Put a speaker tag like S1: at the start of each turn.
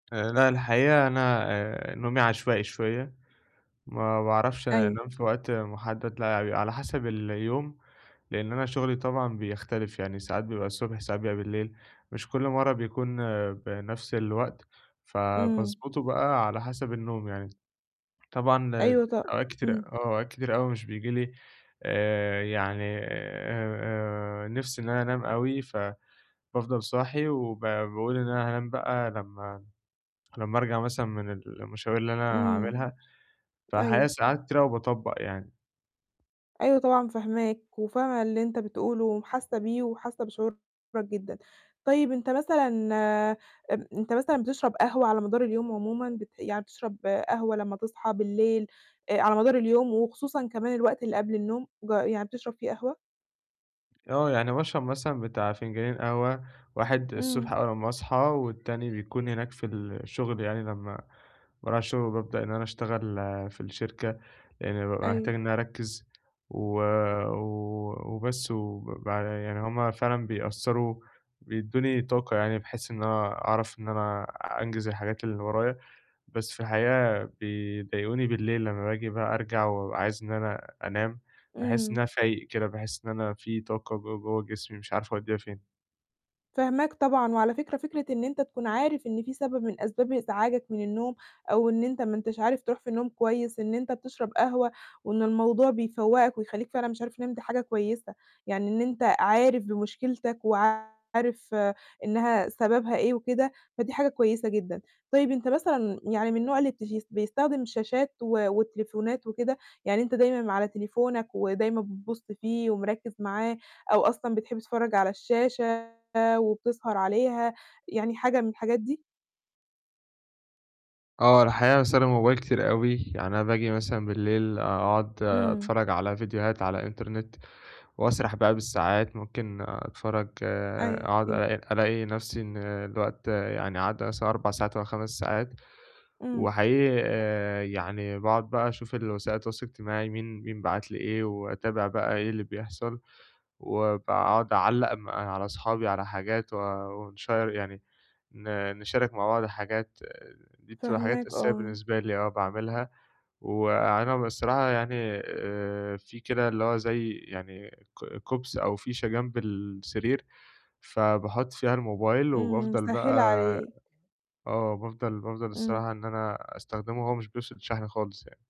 S1: آآ لا الحقيقة أنا آآ نومي عشوائي شوية، ما باعرفش
S2: أيوه.
S1: أنام في وقت محدد لا بيبقي على حسب اليوم لأن أنا شغلي طبعًا بيختلف، يعني ساعات بيبقى الصبح ساعات بيبقي بالليل، مش كل مرة بيكون بنفس الوقت،
S2: امم
S1: فباضبطه بقى على حسب النوم يعني طبعًا
S2: أيوه ط
S1: أوقات كتيرة
S2: إمم.
S1: آه أوقات كتيرة أوي مش بييجي لي آآ يعني آآ آآ نِفس إن أنا أنام أوي، فبافضل صاحي وب باقول إن أنا هانام بقى لمّا لمّا أرجع مثلًا من المشاوير اللي أنا
S2: امم.
S1: هاعملها، فالحقيقة
S2: أيوه
S1: ساعات كتير أوي باطبّق يعني.
S2: أيوه طبعًا فاهماك، وفاهمة اللي أنت بتقوله وحاسة بيه وحاسة بشعورك جدًا. طيب أنت مثلًا أنت مثلًا بتشرب قهوة على مدار اليوم عمومًا بت يعني بتشرب قهوة لما تصحى بالليل، آآ على مدار اليوم وخصوصًا كمان الوقت اللي قبل النوم ج يعني بتشرب فيه قهوة؟
S1: آه يعني باشرب مثلًا بتاع فنجانين قهوة، واحد الصبح
S2: امم.
S1: أول أما أصحى والتاني بيكون هناك في الشغل يعني لما باروح الشغل وبابدأ إن أنا أشتغل في الشركة، لإن بابقى
S2: أيوه.
S1: محتاج إن أنا أركز، و و وبس، وب يعني هم فعلًا بيأثروا بيدوني طاقة يعني بحيث إن أنا أعرف إن أنا أنجز الحاجات اللي ورايا. بس في الحقيقة بيضايقوني بالليل لما باجي بقى أرجع وبابقي عايز إن أنا أنام، باحس إن
S2: إمم.
S1: أنا فايق كده، باحس إن أنا في طاقة ج جوا جسمي مش عارف أوديها فين.
S2: فاهماك طبعًا، وعلى فكرة فكرة إن أنت تكون عارف إن في سبب من أسباب إزعاجك من النوم أو إن أنت ما أنتش عارف تروح في النوم كويس، إن أنت بتشرب قهوة، وإن الموضوع بيفوقك ويخليك فعلًا مش عارف تنام دي حاجة كويسة، يعني إن أنت عارف بمشكلتك وعارف إنها سببها إيه وكده، فدي حاجة كويسة جدًا. طيب أنت مثلًا يعني من النوع اللي بتس بيستخدم شاشات و والتليفونات وكده؟ يعني أنت دايمًا على تليفونك، ودايمًا بتبص فيه ومركِّز معاه أو أصلًا بتحب تتفرج على الشاشة وبتسهر عليها يعني حاجة من الحاجات دي؟
S1: آه الحقيقة باستخدم الموبايل كتير أوي، يعني أنا باجي مثلًا بالليل أقعد
S2: إمم.
S1: أتفرج على فيديوهات على إنترنت، وأسرح بقى بالساعات ممكن أتفرج أقعد
S2: أيوه.
S1: ألاقي ألاقي نفسي إن الوقت يعني عدَّي مثلًا 4 ساعات أو 5 ساعات،
S2: امم.
S1: وحقيقي آآ يعني باقعد بقى أشوف الوسائل التواصل الاجتماعي مين مين بعت لي إيه، وأتابع بقى إيه اللي بيحصل، وباقعد أعلّق م على أصحابي على حاجات و ونشيّر يعني ن نشارك مع بعض حاجات، دي بتبقى حاجات
S2: فاهماك
S1: أساسية
S2: آه.
S1: بالنسبة لي آه باعملها وأنا بصراحة يعني آآ في كده اللي هو زي يعني ك كُبْس أو فيشة جنب السرير، فباحُط فيها الموبايل،
S2: امم
S1: وبافضل بقى
S2: مسهلة عليك.
S1: آه بافضل بافضل
S2: إمم.
S1: الصراحة إن أنا أستخدمه وهو مش بيفصل شحن خالص يعني.